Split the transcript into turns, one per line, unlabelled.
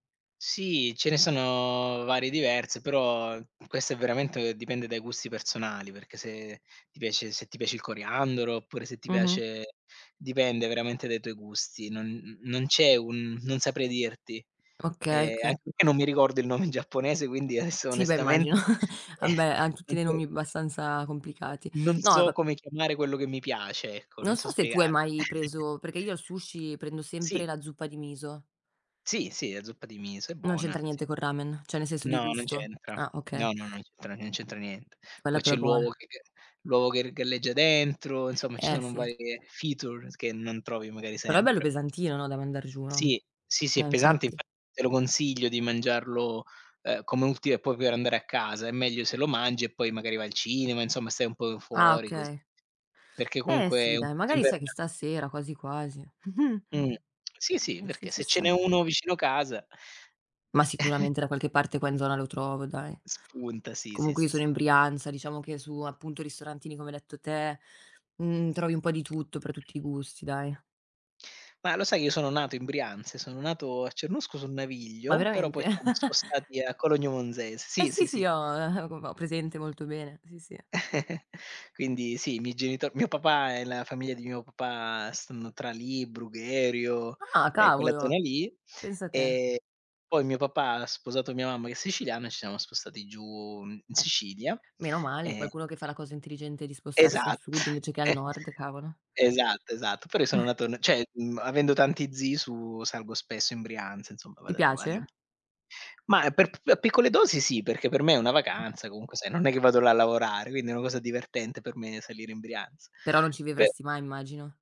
Sì, ce ne sono varie, diverse, però questo è veramente dipende dai gusti personali, perché se ti piace se ti piace il coriandolo oppure se ti
Mh-mh.
piace dipende veramente dai tuoi gusti. Non non c'è un non saprei dirti.
Okay,
E
oka
anche perché non mi ricordo il nome in giapponese quindi adesso
Sì, beh immagino.
onestamente
Ah beh, han
eh
tutti dei nomi
[unintelligible]
bastanza complicati.
Non
No
so
vab
come chiamare quello che mi piace ecco, non
Non
so
so se tu hai
spiegar
mai preso perché io al sushi prendo sempre
Sì.
la zuppa di miso.
Sì, sì, la zuppa di miso è
Non
buona
c'entra
sì.
niente col ramen, cioè, nel senso di
No, non
gusto.
c'entra.
Ah okay.
No, no, non c'entra non c'entra niente.
Quella
Poi
però
c'è
è
l'uovo
buona.
che l'uovo che r galleggia dentro, insomma ci
Eh
sono
sì.
varie feature che non trovi magari
Però è bello
sempre.
pesantino, no, da mandar giù, no.
Sì, sì, è
Eh
pesante
infatti.
infatti te lo consiglio di mangiarlo, ehm, come ultimo e poi per andare a casa, è meglio se lo mangi e poi magari vai al cinema, insomma stai un po'
Ah
fuori cos
okay.
perché
Eh
comunque
sì
è un
dai,
piatto
magari sai che
invernale.
stasera quasi quasi.
Mh, sì, sì,
Eh sì,
perché
ci
se ce n'è
sta.
uno vicino casa
Ma sicuramente da qualche parte qua in zona lo trovo dai.
Spunta sì, sì,
Comunque io
sì.
sono in Brianza, diciamo che su appunto ristorantini come hai detto te, mhmm, trovi un po' di tutto per tutti i gusti, dai.
Ma lo sai io sono nato in Brianza e sono nato a Cernusco sul
Ma
Naviglio, però poi
veramente?
ci siamo spostati a Cologno Monzese.
Eh
Sì,
sì,
sì,
sì,
sì.
ho ho co ho presente molto bene. Sì, sì.
Quindi sì, i miei genito mio papà e la famiglia di mio papà stanno tra lì, Brugherio
Ah
e quella zona
cavolo,
lì
pensa te.
e poi mio papà ha sposato mia mamma che è siciliana e ci siamo spostati giù in
Eh.
Sicilia
Meno male
e
qualcuno che fa la cosa intelligente di spostarsi al
Esatt
sud invece che al nord, cavolo.
esatto, esatto. Però io sono nato n cioè, mhmm avendo tanti zii su salgo spesso in Brianza, insomma,
Ti
vado a trovarli un p
piace?
ma per p a piccole dosi sì, perché per me è una
Eh.
vacanza, comunque sai, non è che vado là a lavorare, quindi è una cosa divertente per me salire in Brianza
Però non ci
per
vivresti mai immagino.